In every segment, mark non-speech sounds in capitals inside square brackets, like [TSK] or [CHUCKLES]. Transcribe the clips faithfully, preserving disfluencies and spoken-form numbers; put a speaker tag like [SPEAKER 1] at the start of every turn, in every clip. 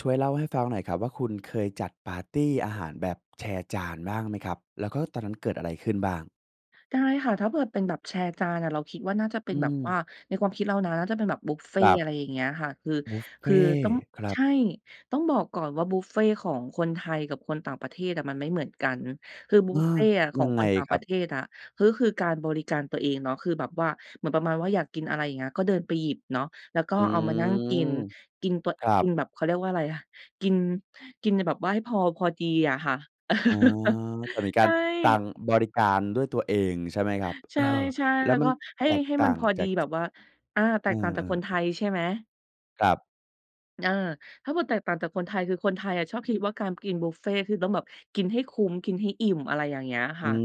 [SPEAKER 1] ช่วยเล่าให้ฟังหน่อยครับว่า คุณเคยจัดปาร์ตีอาหารแบบแชร์จานบ้างไหมครับ? แล้วก็ตอนนั้นเกิดอะไรขึ้นบ้าง?
[SPEAKER 2] ได้ค่ะ ถ้าเผิด เป็นแบบแชร์จานอะ เราคิดว่าน่าจะเป
[SPEAKER 1] อ
[SPEAKER 2] ็
[SPEAKER 1] ื
[SPEAKER 2] นแบบว
[SPEAKER 1] ม
[SPEAKER 2] ่า ในความคิดเรานะ ถ้าเป็นแบบบุฟเฟ
[SPEAKER 1] คร
[SPEAKER 2] ต
[SPEAKER 1] ั
[SPEAKER 2] ์
[SPEAKER 1] บ
[SPEAKER 2] อะไรอย่างเงี้ยค่ะ คือ
[SPEAKER 1] บุฟเฟ
[SPEAKER 2] คือ
[SPEAKER 1] ต
[SPEAKER 2] ต้อ
[SPEAKER 1] ์
[SPEAKER 2] ง
[SPEAKER 1] ครั
[SPEAKER 2] ใช
[SPEAKER 1] บ
[SPEAKER 2] ่ ต้องบอกก่อนว่าบุฟเฟต์ของคนไทยกับคนต่างประเทศอะมันไม่เหมือนกัน คือบ
[SPEAKER 1] เ
[SPEAKER 2] ุ
[SPEAKER 1] ออ
[SPEAKER 2] ฟเฟต์อะข
[SPEAKER 1] ย
[SPEAKER 2] อ
[SPEAKER 1] ั
[SPEAKER 2] ง
[SPEAKER 1] งไ
[SPEAKER 2] ค
[SPEAKER 1] ง
[SPEAKER 2] นต่าง
[SPEAKER 1] ค
[SPEAKER 2] ป
[SPEAKER 1] รั
[SPEAKER 2] ร
[SPEAKER 1] บ?
[SPEAKER 2] ะเทศอะ ก็คือการบริการตัวเองเนาะ คือแบบว่า เหมือนประมาณว่าอยากกินอะไร อย่างเงี้ย ก็เดินไปหยิบเนาะ แล้วก็
[SPEAKER 1] อื
[SPEAKER 2] เอามานั่งก
[SPEAKER 1] ม
[SPEAKER 2] ิน กิน ป
[SPEAKER 1] ครั
[SPEAKER 2] กิน
[SPEAKER 1] บ
[SPEAKER 2] แบบ เขาเรียกว่าอะไรอะ กิน กินแบบว่าให้พอ พอดีอะค่ะ
[SPEAKER 1] อ๋อ
[SPEAKER 2] [CHUCKLES]
[SPEAKER 1] แต่มีก
[SPEAKER 2] ใ
[SPEAKER 1] า
[SPEAKER 2] ช
[SPEAKER 1] ร
[SPEAKER 2] ่
[SPEAKER 1] การบริการด้วยตัวเองใช่ไหมครับ?
[SPEAKER 2] ใช
[SPEAKER 1] เออ
[SPEAKER 2] ่
[SPEAKER 1] แล
[SPEAKER 2] ๆ
[SPEAKER 1] ้
[SPEAKER 2] แล
[SPEAKER 1] ว
[SPEAKER 2] ้ว
[SPEAKER 1] มั
[SPEAKER 2] ก
[SPEAKER 1] น
[SPEAKER 2] ็ให
[SPEAKER 1] แ
[SPEAKER 2] ้
[SPEAKER 1] ตก
[SPEAKER 2] ให้
[SPEAKER 1] ต่
[SPEAKER 2] ม
[SPEAKER 1] า
[SPEAKER 2] ัน
[SPEAKER 1] ง
[SPEAKER 2] พอ
[SPEAKER 1] จ
[SPEAKER 2] ด
[SPEAKER 1] า
[SPEAKER 2] ี
[SPEAKER 1] ก
[SPEAKER 2] แบบว่า อา แ
[SPEAKER 1] เ
[SPEAKER 2] ต
[SPEAKER 1] ออ
[SPEAKER 2] กต่าง
[SPEAKER 1] ๆ
[SPEAKER 2] จ
[SPEAKER 1] อ
[SPEAKER 2] า
[SPEAKER 1] ื
[SPEAKER 2] กค
[SPEAKER 1] ม
[SPEAKER 2] นไทยใช่ไหม?
[SPEAKER 1] ครับ
[SPEAKER 2] อา ถ้าเผิด แตกต่างจากคนไทย คือคนไทยอะชอบคิดว่ากามกินบุฟเฟต์คือต้องแบบกินให้คุ้ม กินให้อิ่ม อะไรอย่างเงี้ย
[SPEAKER 1] อ
[SPEAKER 2] ค
[SPEAKER 1] ื
[SPEAKER 2] ่ะ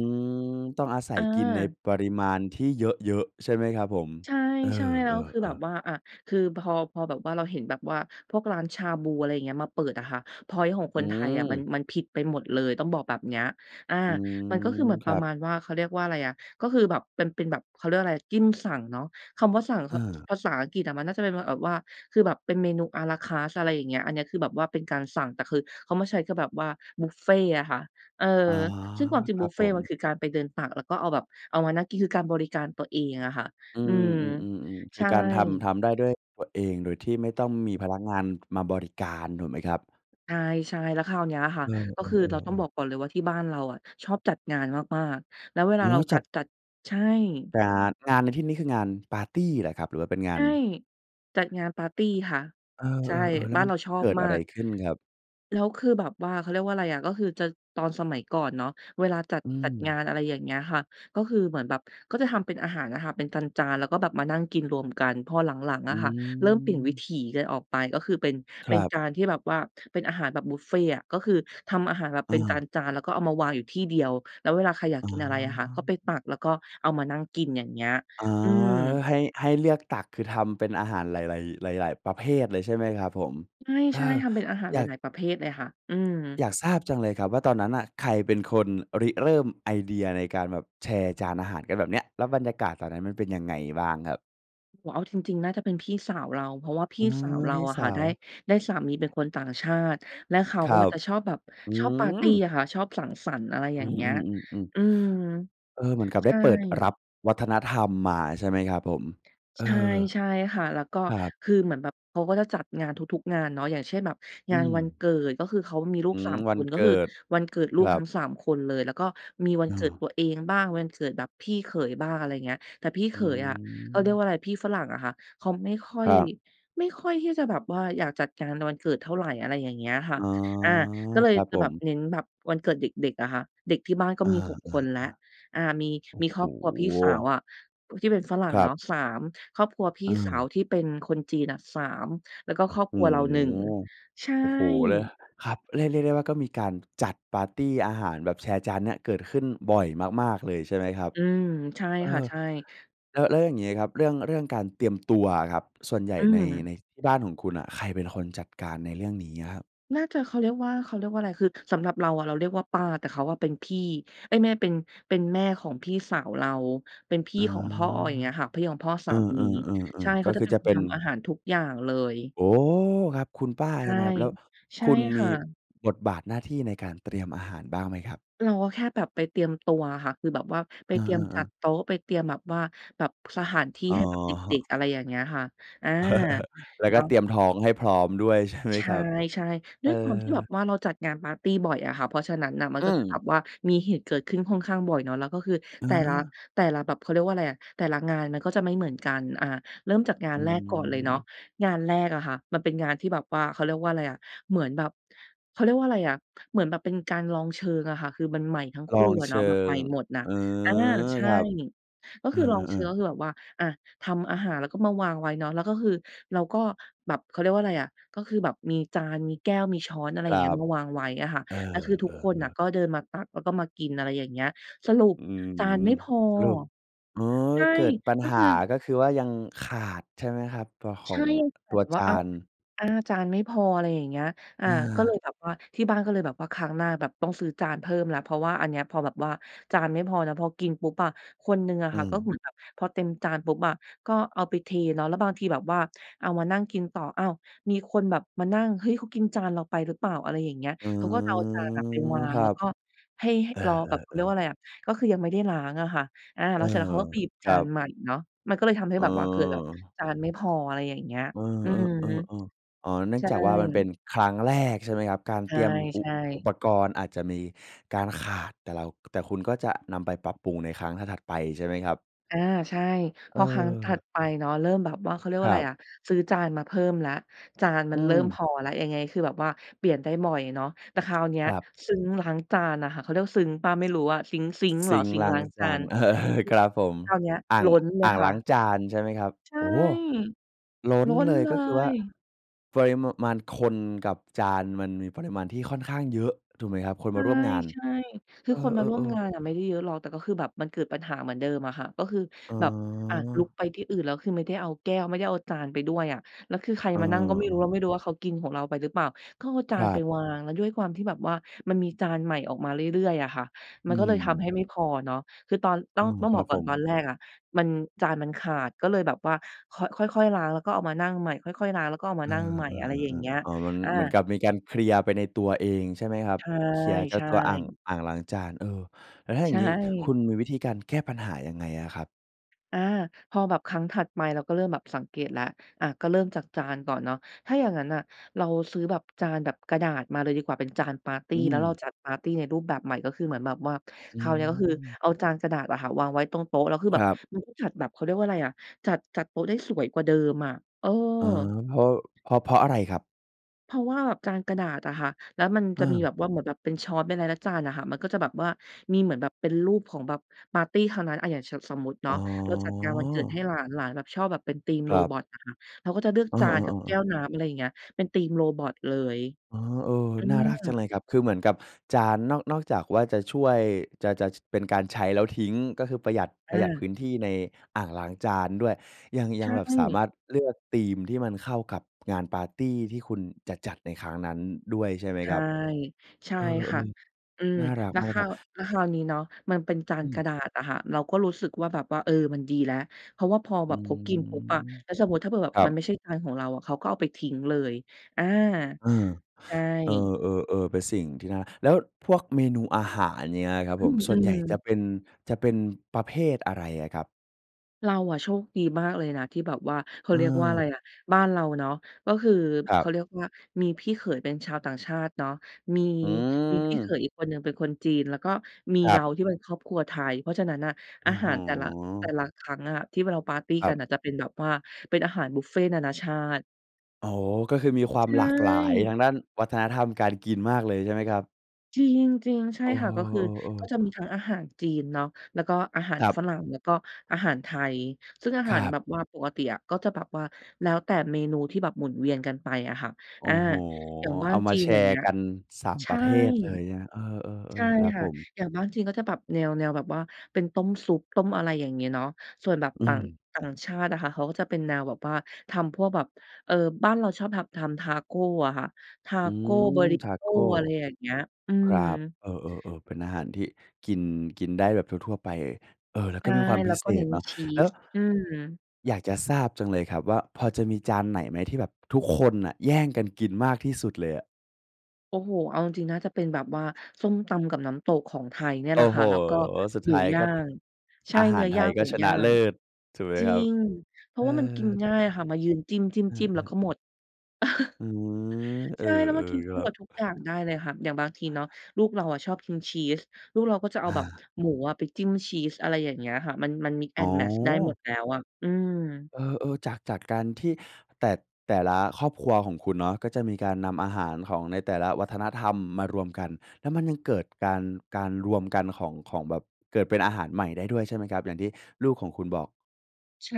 [SPEAKER 1] ม ต้องอาศัย
[SPEAKER 2] อ
[SPEAKER 1] กินใน
[SPEAKER 2] า
[SPEAKER 1] ปริมาณที่เยอะ ๆ ใช่ไหมครับผม?
[SPEAKER 2] ใช
[SPEAKER 1] เอ
[SPEAKER 2] ่ ๆ แล้วคือ
[SPEAKER 1] อ
[SPEAKER 2] แบบ
[SPEAKER 1] ๆ ๆ
[SPEAKER 2] ว่า อะ คือพอ พอแบบว่าเราเห็นแบบว่าพวกร้านชาบู อะไรอย่างเงี้ย มาเปิดอะค่ะ พ็อยนต์ของ
[SPEAKER 1] อ
[SPEAKER 2] ค
[SPEAKER 1] ื
[SPEAKER 2] นไทยอะมัน
[SPEAKER 1] ม
[SPEAKER 2] มันผิดไปหมดเลย ต้องบอกแบบเนี้ย อา
[SPEAKER 1] อืม
[SPEAKER 2] มันก็คือเหมือน
[SPEAKER 1] ค
[SPEAKER 2] ป
[SPEAKER 1] ร
[SPEAKER 2] ร
[SPEAKER 1] ั
[SPEAKER 2] ะ
[SPEAKER 1] บ
[SPEAKER 2] มาณว่า เขาเรียกว่าอะไรอะ ก็คือแบบเป็น เป็นแบบ เขาเรียกว่าอะไร จิ้มสั่งเนาะ คำว่าสั่ง ค
[SPEAKER 1] เออ
[SPEAKER 2] ภาษาอังกฤษอะมันน่าจะเป็น อ แบบว่า คือแบบเป็นเมนูอาลาการ์ต อะไรอย่างเงี้ย อันเนี้ยคือแบบว่าเป็นการสั่ง แต่คือเขาไม่ใช้แค่แบบว่าบุฟเฟต์อะค่ะ เออ
[SPEAKER 1] อ๋อ
[SPEAKER 2] ซึ่งความจริง
[SPEAKER 1] คร
[SPEAKER 2] บ
[SPEAKER 1] ั
[SPEAKER 2] ุ
[SPEAKER 1] บ
[SPEAKER 2] ฟเฟ
[SPEAKER 1] ผ
[SPEAKER 2] ต์
[SPEAKER 1] ม
[SPEAKER 2] มันคือการไปเดินตัก แล้วก็เอาแบบเอามานั่งกิน คือการบริการตัวเองอะค่ะ
[SPEAKER 1] อื
[SPEAKER 2] อืม
[SPEAKER 1] ม ๆ ๆ ๆ ค
[SPEAKER 2] ใ
[SPEAKER 1] ื
[SPEAKER 2] ช
[SPEAKER 1] อ
[SPEAKER 2] ่
[SPEAKER 1] การทำ ทำได้ด้วยตัวเองโดยที่ไม่ต้องมีพนักงาน มาบริการ ถูกไหมครับ?
[SPEAKER 2] ใช่ ๆ แล้วคราวเนี้ยค่
[SPEAKER 1] เ
[SPEAKER 2] ะ
[SPEAKER 1] ออ
[SPEAKER 2] ก็คือเราต้อง
[SPEAKER 1] ๆ
[SPEAKER 2] บ
[SPEAKER 1] ๆ ๆ
[SPEAKER 2] อกก่อนเลยว่าที่บ้านเราอะชอบจัดงานมาก ๆ แล้วเว
[SPEAKER 1] อ
[SPEAKER 2] ล
[SPEAKER 1] ๋
[SPEAKER 2] า
[SPEAKER 1] อ
[SPEAKER 2] เรา
[SPEAKER 1] จ
[SPEAKER 2] ก
[SPEAKER 1] ัด
[SPEAKER 2] จัด ใช่
[SPEAKER 1] การ งานในที่นี้คืองานปาร์ตีเหรอครับ? หรือว่าเป็นง
[SPEAKER 2] ใ
[SPEAKER 1] า
[SPEAKER 2] ช
[SPEAKER 1] น
[SPEAKER 2] ่ จัดงานปาร์ตีค่ะ
[SPEAKER 1] เออ
[SPEAKER 2] ใช่
[SPEAKER 1] ๆ ๆ แล้
[SPEAKER 2] บ
[SPEAKER 1] ว
[SPEAKER 2] ้า
[SPEAKER 1] ม
[SPEAKER 2] น
[SPEAKER 1] ั
[SPEAKER 2] เ
[SPEAKER 1] น
[SPEAKER 2] ราชอ
[SPEAKER 1] เ
[SPEAKER 2] บ
[SPEAKER 1] กิด
[SPEAKER 2] มา
[SPEAKER 1] อะไร
[SPEAKER 2] ก
[SPEAKER 1] ขึ้นครับ?
[SPEAKER 2] แล้วคือแบบว่า เขาเรียกว่าอะไรอะ ก็คือจะ ตอนสมัยก่อนเนาะ เวลาจัด
[SPEAKER 1] อื
[SPEAKER 2] จัดงา
[SPEAKER 1] ม
[SPEAKER 2] น อะไรอย่างเงี้ยค่ะ ก็คือเหมือนแบบ ก็จะทำเป็นอาหารอะค่ะ เป็นจาน ๆ แล้วก็แบบมานั่งกินรวมกัน พอหลัง
[SPEAKER 1] อ
[SPEAKER 2] ๆ อ
[SPEAKER 1] ื
[SPEAKER 2] ะค่ะ เริ่มเปลี่ยนวิ
[SPEAKER 1] ม
[SPEAKER 2] ถีเลยออกไป ก็คือเป็น
[SPEAKER 1] ค
[SPEAKER 2] เป
[SPEAKER 1] ร
[SPEAKER 2] ็น
[SPEAKER 1] ับ
[SPEAKER 2] การที่แบบว่า เป็นอาหารแบบบุฟเฟต์อะ ก็คือทำอาหารแบบ
[SPEAKER 1] อ
[SPEAKER 2] เป็นจ
[SPEAKER 1] า
[SPEAKER 2] าน ๆ แล้วก็เอามาวางอยู่ที่เดียว แล้วเวลาใครอยา
[SPEAKER 1] อ
[SPEAKER 2] ก
[SPEAKER 1] ๋
[SPEAKER 2] กินอะไรอะค่ะ ก็
[SPEAKER 1] อ
[SPEAKER 2] ไปตัก แล้วก็เอามานั่งกิน อย่างเงี้ย
[SPEAKER 1] อ๋อ
[SPEAKER 2] อืม
[SPEAKER 1] ให้ ให้เลือกตัก คือทำเป็นอาหารหลาย ๆ หลาย ๆ ประเภทเลยใช่ไหมครับผม?
[SPEAKER 2] ใ
[SPEAKER 1] เออ
[SPEAKER 2] ช่ ๆ ทำเป็นอาหาร
[SPEAKER 1] อ
[SPEAKER 2] ห
[SPEAKER 1] ย
[SPEAKER 2] ล
[SPEAKER 1] าก
[SPEAKER 2] าย ๆ ประเภทเลยค่ะ อืม
[SPEAKER 1] อยากทราบจังเลยครับว่าตอนนั้นน่ะใครเป็นคนริเริ่มไอเดียในการแบบแชร์จานอาหารกัน แบบเนี้ย แล้วบรรยากาศตอนนั้นมันเป็นยังไงบ้างครับ?
[SPEAKER 2] ว้าว จริง ๆ น่าจะเป็นพี่สาวเรา เพราะว่าพ
[SPEAKER 1] อ
[SPEAKER 2] ี
[SPEAKER 1] ื
[SPEAKER 2] ่สาว
[SPEAKER 1] ม
[SPEAKER 2] เรา
[SPEAKER 1] พี่
[SPEAKER 2] อะ
[SPEAKER 1] ส
[SPEAKER 2] ค
[SPEAKER 1] า
[SPEAKER 2] ่ะ ได้
[SPEAKER 1] ว
[SPEAKER 2] ได้สามีเป็นคนต่างชาติ และเขา
[SPEAKER 1] คร
[SPEAKER 2] อ
[SPEAKER 1] ั
[SPEAKER 2] ะ
[SPEAKER 1] บ
[SPEAKER 2] จะชอบแบบ
[SPEAKER 1] อื
[SPEAKER 2] ชอบปาร์ตี
[SPEAKER 1] ม
[SPEAKER 2] อะค่ะ ชอบสังสรรค์ อะไร
[SPEAKER 1] อ
[SPEAKER 2] อย
[SPEAKER 1] ื
[SPEAKER 2] ่างเงี้ย
[SPEAKER 1] อ ๆ ๆ ๆ
[SPEAKER 2] อืม
[SPEAKER 1] เออ เหมือนกับ
[SPEAKER 2] ใ
[SPEAKER 1] ไ
[SPEAKER 2] ช
[SPEAKER 1] ด้
[SPEAKER 2] ่
[SPEAKER 1] เปิดรับวัฒนธรรมมาใช่ไหมครับผม? เอ
[SPEAKER 2] ใช่
[SPEAKER 1] อ
[SPEAKER 2] ๆ ค่ะ แล้วก็
[SPEAKER 1] ครับ
[SPEAKER 2] คือเหมือนแบบเขาก็จะจัดงานทุก ๆ งานเนาะ อย่างเช่น แบบ
[SPEAKER 1] อ
[SPEAKER 2] ง
[SPEAKER 1] ื
[SPEAKER 2] านวัน
[SPEAKER 1] ม
[SPEAKER 2] เกิด ก็คือเขามีลู
[SPEAKER 1] อื
[SPEAKER 2] ก
[SPEAKER 1] ม
[SPEAKER 2] สาม
[SPEAKER 1] วั
[SPEAKER 2] ค
[SPEAKER 1] น
[SPEAKER 2] น
[SPEAKER 1] เ
[SPEAKER 2] ก
[SPEAKER 1] ก
[SPEAKER 2] ็
[SPEAKER 1] ิ
[SPEAKER 2] คือ
[SPEAKER 1] ด
[SPEAKER 2] วันเกิด
[SPEAKER 1] ค
[SPEAKER 2] ลู
[SPEAKER 1] ร
[SPEAKER 2] ก
[SPEAKER 1] ั
[SPEAKER 2] ทั
[SPEAKER 1] บ
[SPEAKER 2] ้ง สาม คนเลย แล้วก็มีวัน
[SPEAKER 1] อื
[SPEAKER 2] เกิด
[SPEAKER 1] ม
[SPEAKER 2] ตัวเองบ้าง วันเกิดแบบพี่เขยบ้าง อะไรเงี้ย แต่พี่
[SPEAKER 1] อ
[SPEAKER 2] เข
[SPEAKER 1] ื
[SPEAKER 2] ยอะ เขาเรียก
[SPEAKER 1] ม
[SPEAKER 2] ว่าอะไร พี่ฝรั่งอะค่ะ เขาไม่ค่อ
[SPEAKER 1] ค
[SPEAKER 2] ย
[SPEAKER 1] รับ
[SPEAKER 2] ไม่ค่อยที่จะแบบว่าอยากจัดการในวันเกิดเท่าไร อะไรอย่างเงี้ยค่ะ
[SPEAKER 1] อ๋อ
[SPEAKER 2] อ่า ก็เล
[SPEAKER 1] ค
[SPEAKER 2] ย
[SPEAKER 1] รับ
[SPEAKER 2] จ
[SPEAKER 1] ผ
[SPEAKER 2] ะแบ
[SPEAKER 1] ม
[SPEAKER 2] บเน้นแบบวันเกิดเด็ก ๆ อะค่ะ เด็กที่บ้านก
[SPEAKER 1] เ
[SPEAKER 2] ็
[SPEAKER 1] ออ
[SPEAKER 2] มี หก คนแล้ว อ่า มี
[SPEAKER 1] ๆ
[SPEAKER 2] มี
[SPEAKER 1] ๆ
[SPEAKER 2] ค
[SPEAKER 1] โ
[SPEAKER 2] ร
[SPEAKER 1] อ
[SPEAKER 2] อ
[SPEAKER 1] ้
[SPEAKER 2] บครัวพี่สาว
[SPEAKER 1] โฮ
[SPEAKER 2] อะ ที่เป็นฝรั่ง
[SPEAKER 1] ครั
[SPEAKER 2] เน
[SPEAKER 1] บ
[SPEAKER 2] าะ สาม ครอบครัวพ
[SPEAKER 1] อ
[SPEAKER 2] ี
[SPEAKER 1] ื
[SPEAKER 2] ่สาว
[SPEAKER 1] ม
[SPEAKER 2] ที่เป็นคนจีนอะ สาม แล้วก็
[SPEAKER 1] โอ้
[SPEAKER 2] ครอบ
[SPEAKER 1] โ
[SPEAKER 2] ครัวเรา หนึ่ง
[SPEAKER 1] ฮ
[SPEAKER 2] ใช
[SPEAKER 1] โอ้โฮ เลย
[SPEAKER 2] ่
[SPEAKER 1] ครับ เรียกได้ ได้ว่าก็มีการจัดปาร์ตีอาหารแบบแชร์จานเนี้ยเกิดขึ้นบ่อยมาก ๆ เลยใช่ไหมครับ?
[SPEAKER 2] อืม ใช่
[SPEAKER 1] เอ
[SPEAKER 2] ค่ะ
[SPEAKER 1] อ
[SPEAKER 2] ใช่
[SPEAKER 1] แล้ว แล้วอย่างงี้ครับ เรื่อง เรื่องการเตรียมตัวอะครับ ส่วนใหญ่
[SPEAKER 2] อื
[SPEAKER 1] ใน ใ
[SPEAKER 2] ม
[SPEAKER 1] นที่บ้านของคุณน่ะใครเป็นคนจัดการในเรื่องนี้ครับ?
[SPEAKER 2] น่าจะ เขาเรียกว่า เขาเรียกว่าอะไร คือสำหรับเราอะ เราเรียกว่าป้า แต่เขาอะเป็นพี่ เอ๊ย แม่ เป็น เป็นแม่ของพี่สาวเรา เป็นพี
[SPEAKER 1] อ
[SPEAKER 2] ่
[SPEAKER 1] ื
[SPEAKER 2] ข
[SPEAKER 1] ม
[SPEAKER 2] องพ่อ อย่างเงี้ยค่ะ พี่ของพ่อส
[SPEAKER 1] อ
[SPEAKER 2] า
[SPEAKER 1] ื
[SPEAKER 2] มี ใ
[SPEAKER 1] อ
[SPEAKER 2] ช่
[SPEAKER 1] ๆ ๆ ๆ
[SPEAKER 2] เ
[SPEAKER 1] ก
[SPEAKER 2] ข
[SPEAKER 1] ็
[SPEAKER 2] าจ
[SPEAKER 1] ค
[SPEAKER 2] ะ
[SPEAKER 1] ื
[SPEAKER 2] เป
[SPEAKER 1] อ
[SPEAKER 2] ็น
[SPEAKER 1] จะ
[SPEAKER 2] ค
[SPEAKER 1] เป
[SPEAKER 2] น
[SPEAKER 1] ็
[SPEAKER 2] ท
[SPEAKER 1] น
[SPEAKER 2] ำอาหารทุกอย่างเลย
[SPEAKER 1] โอ้ ครับ คุณป้า
[SPEAKER 2] ใช
[SPEAKER 1] ใช
[SPEAKER 2] ่
[SPEAKER 1] ่ไหมครับ? แล้ว
[SPEAKER 2] ใช่
[SPEAKER 1] คุณ
[SPEAKER 2] ค
[SPEAKER 1] ม
[SPEAKER 2] ่
[SPEAKER 1] ี
[SPEAKER 2] ะ
[SPEAKER 1] บทบาทหน้าที่ในการเตรียมอาหารบ้างไหมครับ?
[SPEAKER 2] เราก็แค่แบบไปเตรียมตัวอะค่ะ คือแบบว่าไ
[SPEAKER 1] เ
[SPEAKER 2] ป
[SPEAKER 1] อ
[SPEAKER 2] เตรียมจั
[SPEAKER 1] อ
[SPEAKER 2] ด
[SPEAKER 1] ๆ ๆ
[SPEAKER 2] โต๊ะ ไปเตรียมแบบว่าแบบสถานที่
[SPEAKER 1] อ๋อ
[SPEAKER 2] ให้แบบเด็ก ๆ อะไรอย่างเงี้ยค่ะ อา
[SPEAKER 1] [CHUCKLES] แล้ว
[SPEAKER 2] เ
[SPEAKER 1] ก
[SPEAKER 2] น
[SPEAKER 1] ็
[SPEAKER 2] าะ
[SPEAKER 1] เตรียมท้องให้พร้อมด้วยใช่ไหม
[SPEAKER 2] ใช
[SPEAKER 1] ครับ?
[SPEAKER 2] ่ ๆ
[SPEAKER 1] เ
[SPEAKER 2] ด้
[SPEAKER 1] อ
[SPEAKER 2] วยความที่แบบ
[SPEAKER 1] อ
[SPEAKER 2] ว่าเราจัดงานปาร์ตีบ่อยอะค่ะ เพราะฉะนั้นน่ะมัน
[SPEAKER 1] อื
[SPEAKER 2] ก็จะแบ
[SPEAKER 1] ม
[SPEAKER 2] บว่ามีเหตุเกิดขึ้นค่อนข้างบ่อยเนาะ แล้วก็คือ
[SPEAKER 1] อ
[SPEAKER 2] แต่ละ
[SPEAKER 1] า
[SPEAKER 2] แต่ละแบบ เขาเรียกว่าอะไรอะ แต่ละงานมันก็จะไม่เหมือนกัน อ่า เริ่มจากงา
[SPEAKER 1] อ
[SPEAKER 2] น
[SPEAKER 1] ื
[SPEAKER 2] แรกก่อนเลยเนาะ
[SPEAKER 1] ม
[SPEAKER 2] งานแรกอะค่ะ มันเป็นงานที่แบบว่า เขาเรียกว่าอะไรอะ เหมือนแบบ เขาเรียกว่าอะไรอะ เหมือนแบบเป็นการลองเชิงอะค่ะ คือมันใหม่ทั้งค
[SPEAKER 1] ล
[SPEAKER 2] ู
[SPEAKER 1] อ
[SPEAKER 2] ่
[SPEAKER 1] ง
[SPEAKER 2] อะ
[SPEAKER 1] เช
[SPEAKER 2] เนา
[SPEAKER 1] ิ
[SPEAKER 2] ะ แบบใหม่
[SPEAKER 1] ง
[SPEAKER 2] หมดน่ะ
[SPEAKER 1] อื
[SPEAKER 2] อ่า
[SPEAKER 1] ม
[SPEAKER 2] ใช
[SPEAKER 1] ค
[SPEAKER 2] ่
[SPEAKER 1] รับ
[SPEAKER 2] ก็
[SPEAKER 1] อ
[SPEAKER 2] ค
[SPEAKER 1] ื
[SPEAKER 2] ือลองเชิ
[SPEAKER 1] อ
[SPEAKER 2] ง
[SPEAKER 1] ๆ ๆ
[SPEAKER 2] ก็คือแบบว่า อ่า ทำอาหารแล้วก็มาวางไว้เนาะ แล้วก็คือเราก็แบบ เขาเรียกว่าอะไรอะ ก็คือแบบมีจาน มีแก้ว มีช้อน อะไร
[SPEAKER 1] ค
[SPEAKER 2] อย่
[SPEAKER 1] ร
[SPEAKER 2] างเง
[SPEAKER 1] ั
[SPEAKER 2] ี้ย
[SPEAKER 1] บ
[SPEAKER 2] มาวางไว้อะค่ะ
[SPEAKER 1] เอ
[SPEAKER 2] แล้วคือทุกคนน่ะ
[SPEAKER 1] อ ๆ ๆ
[SPEAKER 2] ก็เดินมาตัก แล้วก็มากิน อะไรอย่างเงี้ย สรุป
[SPEAKER 1] อื
[SPEAKER 2] จา
[SPEAKER 1] ม
[SPEAKER 2] นไม่พอ
[SPEAKER 1] สรุป โอ้
[SPEAKER 2] ใช่
[SPEAKER 1] เกิดปัญ
[SPEAKER 2] ก็
[SPEAKER 1] ห
[SPEAKER 2] ค
[SPEAKER 1] า
[SPEAKER 2] ือ
[SPEAKER 1] ก็คือว่ายังขาดใช่ไหมครับ? ตัวข
[SPEAKER 2] ใช
[SPEAKER 1] อ
[SPEAKER 2] ่
[SPEAKER 1] ง
[SPEAKER 2] แ
[SPEAKER 1] ตัว
[SPEAKER 2] บบ
[SPEAKER 1] จ
[SPEAKER 2] ว่า
[SPEAKER 1] า
[SPEAKER 2] อ้าว
[SPEAKER 1] น
[SPEAKER 2] อา จานไม่พอ อะไรอย่างเงี้ย อา
[SPEAKER 1] อ
[SPEAKER 2] ก็เลย
[SPEAKER 1] า
[SPEAKER 2] แบบว่าที่บ้านก็เลยแบบว่าครั้งหน้าแบบต้องซื้อจานเพิ่มแล้ว เพราะว่าอันเนี้ยพอแบบว่าจานไม่พอนะ พอกินปุ๊บอะ คนหนึ่งอะ
[SPEAKER 1] อื
[SPEAKER 2] ค่ะ ก็เ
[SPEAKER 1] ม
[SPEAKER 2] หมือนแบบพอเต็มจานปุ๊บอะ ก็เอาไปเทเนาะ แล้วบางทีแบบว่าเอามานั่งกินต่อ อ้าว มีคนแบบมานั่ง เฮ้ย เขากินจานเราไปหรือเปล่า? อะไรอย่างเงี้ย
[SPEAKER 1] อื
[SPEAKER 2] เขาก็จะเอาจานอะ
[SPEAKER 1] ม
[SPEAKER 2] ไปวา
[SPEAKER 1] ค
[SPEAKER 2] ง
[SPEAKER 1] รั
[SPEAKER 2] แล้ว
[SPEAKER 1] บ
[SPEAKER 2] ก็ให้
[SPEAKER 1] เอ
[SPEAKER 2] รอแบบ เขาเ
[SPEAKER 1] อ
[SPEAKER 2] รียกว่า
[SPEAKER 1] ๆ ๆ
[SPEAKER 2] อะไรอะ ก็คือยังไม่ได้ล้างอะค่ะ อา
[SPEAKER 1] เอ
[SPEAKER 2] แล
[SPEAKER 1] อ
[SPEAKER 2] ้วเสร็จแล้วเขาก็บีบ
[SPEAKER 1] ค
[SPEAKER 2] จ
[SPEAKER 1] รั
[SPEAKER 2] าน
[SPEAKER 1] บ
[SPEAKER 2] ใหม่เนาะ มันก็เลยทำให้
[SPEAKER 1] อื
[SPEAKER 2] แบบว่าเกิดแบบ
[SPEAKER 1] ม
[SPEAKER 2] จานไม่พอ อะไรอย่างเงี้ย
[SPEAKER 1] เอ
[SPEAKER 2] อืม
[SPEAKER 1] อ ๆ ๆ ๆ อ๋อ เนื่อ
[SPEAKER 2] ใ
[SPEAKER 1] ง
[SPEAKER 2] ช่
[SPEAKER 1] จากว่ามันเป็นครั้งแรกใช่ไหมครับ? การ
[SPEAKER 2] ใช
[SPEAKER 1] เตรียม อุ
[SPEAKER 2] ่
[SPEAKER 1] อุป
[SPEAKER 2] ๆ
[SPEAKER 1] กรณ์อาจจะมี การขาด แต่เรา แต่คุณก็จะนำไปปรับปรุงในครั้งถัด ๆ ไปใช่ไหมครับ?
[SPEAKER 2] อา ใช่
[SPEAKER 1] เ
[SPEAKER 2] พอครั้งถัด
[SPEAKER 1] ออ
[SPEAKER 2] ไปเนาะ เริ่มแบบว่า เขาเรียกว่
[SPEAKER 1] ค
[SPEAKER 2] า
[SPEAKER 1] ร
[SPEAKER 2] อะไ
[SPEAKER 1] ั
[SPEAKER 2] ร
[SPEAKER 1] บ
[SPEAKER 2] อะ ซื้อจานมาเพิ่มแล้ว จานม
[SPEAKER 1] อื
[SPEAKER 2] ันเริ่มพ
[SPEAKER 1] ม
[SPEAKER 2] อแล้ว ยังไงคือแบบว่าเปลี่ยนได้บ่อยเนาะ แต่คราวเนี้ย
[SPEAKER 1] ครับ
[SPEAKER 2] ซึ้งล้างจานน่ะค่ะ เขาเรียกว่าซึ้งเปล่า ไม่รู้อะ ซิงก์ ซิงก์
[SPEAKER 1] ซ
[SPEAKER 2] เหร
[SPEAKER 1] ิ
[SPEAKER 2] อ
[SPEAKER 1] งก
[SPEAKER 2] ซิ
[SPEAKER 1] ์
[SPEAKER 2] ง
[SPEAKER 1] ล
[SPEAKER 2] ก์
[SPEAKER 1] ้า
[SPEAKER 2] ล
[SPEAKER 1] ง
[SPEAKER 2] ้าง
[SPEAKER 1] จ
[SPEAKER 2] จา
[SPEAKER 1] าน
[SPEAKER 2] น
[SPEAKER 1] เออ ครับผม
[SPEAKER 2] คราวนี้
[SPEAKER 1] อ่าง
[SPEAKER 2] ล้นเล
[SPEAKER 1] อ่
[SPEAKER 2] ย
[SPEAKER 1] าง
[SPEAKER 2] ค
[SPEAKER 1] ล
[SPEAKER 2] ่
[SPEAKER 1] ้า
[SPEAKER 2] ะ
[SPEAKER 1] งจานใช่ไหมครับ
[SPEAKER 2] ใช่
[SPEAKER 1] โอ้ ล้
[SPEAKER 2] ล
[SPEAKER 1] น
[SPEAKER 2] ้น
[SPEAKER 1] เลย
[SPEAKER 2] เล
[SPEAKER 1] ก็คือว่า
[SPEAKER 2] ย
[SPEAKER 1] ปริ ม มาณคนกับจานมันมีปริมาณที่ค่อนข้างเยอะถูกไหมครับ? คนมาร่วมงาน
[SPEAKER 2] ใช่ ๆ ค
[SPEAKER 1] เ
[SPEAKER 2] ื
[SPEAKER 1] อ
[SPEAKER 2] อคนมาร่วม
[SPEAKER 1] อ ๆ
[SPEAKER 2] ง
[SPEAKER 1] ๆ
[SPEAKER 2] านอะไม่ได้เยอะหรอก แต่ก็คือแบบมันเกิดปัญหาเหมือนเดิมอะค่ะ ก็คือ
[SPEAKER 1] อ๋
[SPEAKER 2] แบบ อ่า ลุ
[SPEAKER 1] อ
[SPEAKER 2] กไปที่อื่น แล้วคือไม่ได้เอาแก้ว ไม่ได้เอาจานไปด้วยอะ แล้วคือใคร
[SPEAKER 1] เอ
[SPEAKER 2] มานั่งก็ไม่รู้แ
[SPEAKER 1] อ
[SPEAKER 2] ล้
[SPEAKER 1] ๆ
[SPEAKER 2] ว ไม่รู้ว่าเขากินของเราไปหรือเปล่า ก็เอาจ
[SPEAKER 1] ค
[SPEAKER 2] า
[SPEAKER 1] ร
[SPEAKER 2] น
[SPEAKER 1] ั
[SPEAKER 2] ไป
[SPEAKER 1] บ
[SPEAKER 2] วาง แล้วด้วยความที่แบบว่ามันมีจานใหม่ออกมาเรื่อย ๆ อะค่ะ
[SPEAKER 1] อ
[SPEAKER 2] มั
[SPEAKER 1] ื
[SPEAKER 2] นก็เลยทำใ
[SPEAKER 1] ม
[SPEAKER 2] ห้ไม่พอเนาะ คือตอน ต
[SPEAKER 1] อ
[SPEAKER 2] ้
[SPEAKER 1] ื
[SPEAKER 2] อง
[SPEAKER 1] ม
[SPEAKER 2] ต้อง
[SPEAKER 1] ค
[SPEAKER 2] บ
[SPEAKER 1] รั
[SPEAKER 2] อ
[SPEAKER 1] บ
[SPEAKER 2] กก่
[SPEAKER 1] ผ
[SPEAKER 2] อนตอ
[SPEAKER 1] ม
[SPEAKER 2] นแรกอะ มัน จานมันขาด ก็เลยแบบว่า ค่อ ค่อย ๆ ล้างแล้วก็เอามานั่งใหม่ ค่อย ๆ ล้างแล้วก็เอาม
[SPEAKER 1] เอ
[SPEAKER 2] า
[SPEAKER 1] อ
[SPEAKER 2] นั่งใหม่ อะไรอย่างเง
[SPEAKER 1] ๆ ๆ
[SPEAKER 2] ี้ย
[SPEAKER 1] ๆ อ๋อ มัน
[SPEAKER 2] อ
[SPEAKER 1] เหมือน
[SPEAKER 2] า
[SPEAKER 1] กับมีการเคลียร์ไปในตัวเองใช่ไหมครับ?
[SPEAKER 2] ใ
[SPEAKER 1] เคลียร์เจ้า
[SPEAKER 2] ช่
[SPEAKER 1] ตัวอ่าง
[SPEAKER 2] ๆ
[SPEAKER 1] อ่างล้างจาน เออ แล้วถ้า
[SPEAKER 2] ใ
[SPEAKER 1] อย
[SPEAKER 2] ช
[SPEAKER 1] ่างงี้ค
[SPEAKER 2] ่
[SPEAKER 1] ุณมีวิธีการแก้ปัญหายังไงอะครับ?
[SPEAKER 2] อา พอแบบครั้งถัดไป เราก็เริ่มแบบสังเกตแล้ว อา ก็เริ่มจากจานก่อนเนาะ ถ้าอย่างนั้นน่ะ เราซื้อแบบจานแบบกระดาษมาเลยดีกว่า เป็นจานปาร์ต
[SPEAKER 1] อ
[SPEAKER 2] ี
[SPEAKER 1] ื
[SPEAKER 2] แล้วเรา
[SPEAKER 1] ม
[SPEAKER 2] จัดปาร์ตีในรูปแบบใหม่ ก็คือเหมือนแบบว่า
[SPEAKER 1] อื
[SPEAKER 2] คราวนี้ ก็คือ
[SPEAKER 1] ม
[SPEAKER 2] เอาจานกระดาษอะค่ะ วางไว้ตรงโต๊ะ แล้วคือ
[SPEAKER 1] ค
[SPEAKER 2] แบบ
[SPEAKER 1] รับ
[SPEAKER 2] มันก็จัดแบบ เขาเรียกว่าอะไรอะ จัด จัดโต๊ะได้สวยกว่าเดิมอะ เออ
[SPEAKER 1] อ๋อ เพราะ ว เพราะ เพราะอะไรครับ?
[SPEAKER 2] เพราะว่าแบบจานกระดาษอะค่ะ แล้วมัน
[SPEAKER 1] อ
[SPEAKER 2] จะมี
[SPEAKER 1] า
[SPEAKER 2] แบบว่าเหมือนแบบเป็นช้อนเป็นไร แล้วจานอะค่ะ มันก็จะแบบว่ามีเหมือนแบบ เป็นรูปของแบบปาร์ตีครั้งนั้น อ่ะ อย่าง ฉ สมมติเน
[SPEAKER 1] อ
[SPEAKER 2] า
[SPEAKER 1] ้อ
[SPEAKER 2] ะ เราจัดงานวันเกิดให้หลาน หลานแบบชอบแบบเป็นธีม
[SPEAKER 1] ค
[SPEAKER 2] โร
[SPEAKER 1] รับ
[SPEAKER 2] บอตอะค่ะ เราก็จะเลือก
[SPEAKER 1] เออ
[SPEAKER 2] จานกับแก
[SPEAKER 1] ๆ ๆ ๆ
[SPEAKER 2] ้วน้ำ อะไรอย่างเงี้ย เป็นธีมโรบอตเลย
[SPEAKER 1] อ๋อ เออ
[SPEAKER 2] อื
[SPEAKER 1] น่ารักจัง
[SPEAKER 2] ม
[SPEAKER 1] เลยครับ คือเหมือนกับจานนอก นอกจากว่าจะช่วย จะ จะ ช เป็นการใช้แล้วทิ้ง ก็คือประหยัด
[SPEAKER 2] อ
[SPEAKER 1] ประหยัดพื
[SPEAKER 2] า
[SPEAKER 1] ้นที่ในอ่างล้างจานด้วย ยัง ย
[SPEAKER 2] ใ
[SPEAKER 1] ั
[SPEAKER 2] ช
[SPEAKER 1] ง
[SPEAKER 2] ่
[SPEAKER 1] แบบสามารถเลือกธีมที่มันเข้ากับงานปาร์ตีที่คุณจะจัดในครั้งนั้นด้วย ใช่ไหม
[SPEAKER 2] ใช
[SPEAKER 1] ค
[SPEAKER 2] ่
[SPEAKER 1] รับ
[SPEAKER 2] ใช
[SPEAKER 1] เ
[SPEAKER 2] ่
[SPEAKER 1] ออ
[SPEAKER 2] ค่ะ อืม
[SPEAKER 1] ๆ น่ารัก
[SPEAKER 2] แล้
[SPEAKER 1] ม
[SPEAKER 2] ว
[SPEAKER 1] ากเ
[SPEAKER 2] ค
[SPEAKER 1] ลย
[SPEAKER 2] ร
[SPEAKER 1] คร
[SPEAKER 2] า
[SPEAKER 1] ับ
[SPEAKER 2] ว แล้วคราวนี้เนาะ มันเป็นจา
[SPEAKER 1] อ
[SPEAKER 2] น
[SPEAKER 1] ื
[SPEAKER 2] กระ
[SPEAKER 1] ม
[SPEAKER 2] ดาษอะค่ะ เราก็รู้สึกว่าแบบว่า เออ มันดีแล้ว เพราะว่าพอ
[SPEAKER 1] อ
[SPEAKER 2] แ
[SPEAKER 1] ื
[SPEAKER 2] บบเขากินปุ๊บอ่ะ
[SPEAKER 1] ม
[SPEAKER 2] แล้วสมมติ ถ้าเผื่อแบ
[SPEAKER 1] ค
[SPEAKER 2] บ
[SPEAKER 1] รั
[SPEAKER 2] มัน
[SPEAKER 1] บ
[SPEAKER 2] ไม่ใช่จานของเราอะ เขาก็เอาไปทิ้งเลย อา
[SPEAKER 1] เออ
[SPEAKER 2] ใช่
[SPEAKER 1] เออ ๆ ๆ เป็นสิ่งที่น่า แล้วพวกเมนูอาหารเนี่ยอะครับ
[SPEAKER 2] อื
[SPEAKER 1] ผม ส่วนใหญ่
[SPEAKER 2] ม
[SPEAKER 1] จะ
[SPEAKER 2] ๆ
[SPEAKER 1] เป็น จะเป็นประเภทอะไรอะครับ?
[SPEAKER 2] เราอะโชคดีมากเลยนะที่แบบว่า เขาเรียกว่าอะไร
[SPEAKER 1] เออ
[SPEAKER 2] อะ บ้านเราเนาะ ก็คือ
[SPEAKER 1] คร
[SPEAKER 2] เข
[SPEAKER 1] ับ
[SPEAKER 2] าเรียกว่า มีพี่เขยเป็นชาวต่างชาติเนาะ มี
[SPEAKER 1] อื
[SPEAKER 2] มีพี่เข
[SPEAKER 1] ม
[SPEAKER 2] ยอีกคนหนึ่งเป็นคนจีน แล้วก็มี
[SPEAKER 1] ครั
[SPEAKER 2] เรา
[SPEAKER 1] บ
[SPEAKER 2] ที่เป็นครอบครัวไทย เพราะฉะนั้นน่ะ
[SPEAKER 1] โ
[SPEAKER 2] อ
[SPEAKER 1] อ
[SPEAKER 2] า
[SPEAKER 1] ้
[SPEAKER 2] ห
[SPEAKER 1] โ
[SPEAKER 2] ารแต่ละ แต่
[SPEAKER 1] ฮ
[SPEAKER 2] ละครั้งอะ ที่เราปาร์ตี
[SPEAKER 1] คร
[SPEAKER 2] ก
[SPEAKER 1] ั
[SPEAKER 2] ั
[SPEAKER 1] บ
[SPEAKER 2] นน่ะจะเป็นแบบว่าเป็นอาหารบุฟเฟต์นานาชาติ
[SPEAKER 1] อ๋อ ก็คือ มีควา
[SPEAKER 2] ใช
[SPEAKER 1] ม
[SPEAKER 2] ่
[SPEAKER 1] หลากหลายทางด้านวัฒนธรรมการกินมากเลย ใช่ไหมครับ?
[SPEAKER 2] จริง ๆ ใช่
[SPEAKER 1] เอ
[SPEAKER 2] ค่ะ ก็คือ
[SPEAKER 1] อ
[SPEAKER 2] ก็
[SPEAKER 1] ๆ ๆ
[SPEAKER 2] จะมีทั้งอาหารจีนเนาะ แล้วก็อาหาร
[SPEAKER 1] ครับ
[SPEAKER 2] ฝรั่ง แล้วก็อาหารไทย ซึ่งอา
[SPEAKER 1] ค
[SPEAKER 2] หา
[SPEAKER 1] ร
[SPEAKER 2] ร
[SPEAKER 1] ั
[SPEAKER 2] แ
[SPEAKER 1] บ
[SPEAKER 2] บบว่าปกติอะ ก็จะแบบว่าแล้วแต่เมนูที่แบบหมุนเวียนกันไปอะค่ะ
[SPEAKER 1] โอ้
[SPEAKER 2] อา
[SPEAKER 1] โฮ
[SPEAKER 2] อย่างบ้
[SPEAKER 1] เ
[SPEAKER 2] า
[SPEAKER 1] อา
[SPEAKER 2] น
[SPEAKER 1] ม
[SPEAKER 2] จ
[SPEAKER 1] า
[SPEAKER 2] ีน
[SPEAKER 1] แช
[SPEAKER 2] อย่าง
[SPEAKER 1] ร
[SPEAKER 2] เง
[SPEAKER 1] ์
[SPEAKER 2] ี้ย
[SPEAKER 1] กัน สาม
[SPEAKER 2] ใช
[SPEAKER 1] ปร
[SPEAKER 2] ่
[SPEAKER 1] ะเทศเลยใช่ไหม? เอ
[SPEAKER 2] ใช่
[SPEAKER 1] อ ๆ ๆ ครับ
[SPEAKER 2] ค่
[SPEAKER 1] ผ
[SPEAKER 2] ะ
[SPEAKER 1] ม
[SPEAKER 2] อย่างบ้านจีนก็จะแบบแนว แนวแบบว่า เป็นต้มซุปต้มอะไร อย่างงี้เนาะ ส่วนแบบ
[SPEAKER 1] อื
[SPEAKER 2] ต่าง
[SPEAKER 1] ม
[SPEAKER 2] ต่างชาติอะค่ะ เขาก็จะเป็นแนวแบบว่าทำพวกแบบ เออ บ้านเราชอบทำ ทำ ตาโก อะค่ะ ตา
[SPEAKER 1] อื
[SPEAKER 2] โก
[SPEAKER 1] ม ตา
[SPEAKER 2] Burrito
[SPEAKER 1] โก
[SPEAKER 2] อะไรอย่างเงี้ย อื
[SPEAKER 1] ค
[SPEAKER 2] ม
[SPEAKER 1] รับ เออ ๆ ๆ เป็นอาหารที่กิน กินได้แบบทั่ว ๆ ไป เออ แล้ว
[SPEAKER 2] ใช
[SPEAKER 1] ก็
[SPEAKER 2] ่
[SPEAKER 1] มีความพ
[SPEAKER 2] แล
[SPEAKER 1] ิ
[SPEAKER 2] ้ว
[SPEAKER 1] เศ
[SPEAKER 2] ก็เน
[SPEAKER 1] ษ
[SPEAKER 2] ้น
[SPEAKER 1] เนาะ
[SPEAKER 2] ชี
[SPEAKER 1] แล้ว
[SPEAKER 2] ส อืม
[SPEAKER 1] อยากจะทราบจังเลยครับว่า พอจะมีจานไหนไหม? ที่แบบทุกคนน่ะ แย่งกันกินมากที่สุดเลยอะ
[SPEAKER 2] โอ้โฮ เอาจริง ๆ น่าจะเป็นแบบว่า ส้มตำกับน้ำตกของไทยเนี่ย
[SPEAKER 1] โ
[SPEAKER 2] แ
[SPEAKER 1] อ
[SPEAKER 2] ห
[SPEAKER 1] ้
[SPEAKER 2] ละค
[SPEAKER 1] โฮ!
[SPEAKER 2] ่ะ แล้วก็
[SPEAKER 1] สุด
[SPEAKER 2] หม
[SPEAKER 1] ท
[SPEAKER 2] ู
[SPEAKER 1] ้าย
[SPEAKER 2] ย่
[SPEAKER 1] ก็
[SPEAKER 2] าง ใช
[SPEAKER 1] อ
[SPEAKER 2] ่
[SPEAKER 1] าห
[SPEAKER 2] เ
[SPEAKER 1] า
[SPEAKER 2] นื้
[SPEAKER 1] รไท
[SPEAKER 2] อย่า
[SPEAKER 1] ย
[SPEAKER 2] ง
[SPEAKER 1] ก
[SPEAKER 2] ห
[SPEAKER 1] ็
[SPEAKER 2] มู
[SPEAKER 1] ช
[SPEAKER 2] ย
[SPEAKER 1] น
[SPEAKER 2] ่
[SPEAKER 1] ะ
[SPEAKER 2] า
[SPEAKER 1] เลิ
[SPEAKER 2] ง
[SPEAKER 1] ศ ถูกไหม
[SPEAKER 2] จริ
[SPEAKER 1] ครับ?
[SPEAKER 2] ง เพร
[SPEAKER 1] เ
[SPEAKER 2] า
[SPEAKER 1] อ
[SPEAKER 2] ะว่ามันกิน
[SPEAKER 1] อ
[SPEAKER 2] ง่ายอะค่ะ มายืนจ
[SPEAKER 1] อื
[SPEAKER 2] ิ้ม ๆ ๆ แล้ว
[SPEAKER 1] ม
[SPEAKER 2] ก
[SPEAKER 1] ๆ
[SPEAKER 2] ็หมด [CHUCKLES]
[SPEAKER 1] อืม เอ
[SPEAKER 2] ใ
[SPEAKER 1] อ
[SPEAKER 2] ช่ แล้วมากิน
[SPEAKER 1] ๆ ค
[SPEAKER 2] ค
[SPEAKER 1] ร
[SPEAKER 2] ู่
[SPEAKER 1] ั
[SPEAKER 2] ก
[SPEAKER 1] บ
[SPEAKER 2] ับทุกอย่างได้เลยค่ะ อย่างบางทีเนาะ ลูกเราอะชอบกินชีส ลูกเราก็จะเอ
[SPEAKER 1] อ
[SPEAKER 2] าแบบ
[SPEAKER 1] า
[SPEAKER 2] หมูอะไปจิ้มชีส อะไรอย่างเงี้ยค่ะ มัน มัน mix
[SPEAKER 1] อ๋
[SPEAKER 2] and match หม
[SPEAKER 1] อ!
[SPEAKER 2] ดแล้วอะ อืม
[SPEAKER 1] เออ ๆ จาก จากการที่แต่ แต่ละครอบครัวของคุณเนาะ ก็จะมีการนำอาหารของในแต่ละวัฒนธรรมมารวมกัน แล้วมันยังเกิดการ การรวมกันของ ของแบบ เกิดเป็นอาหารใหม่ได้ด้วย ใช่ไหมครับ อย่างที่ลูกของคุณบอก
[SPEAKER 2] ใช่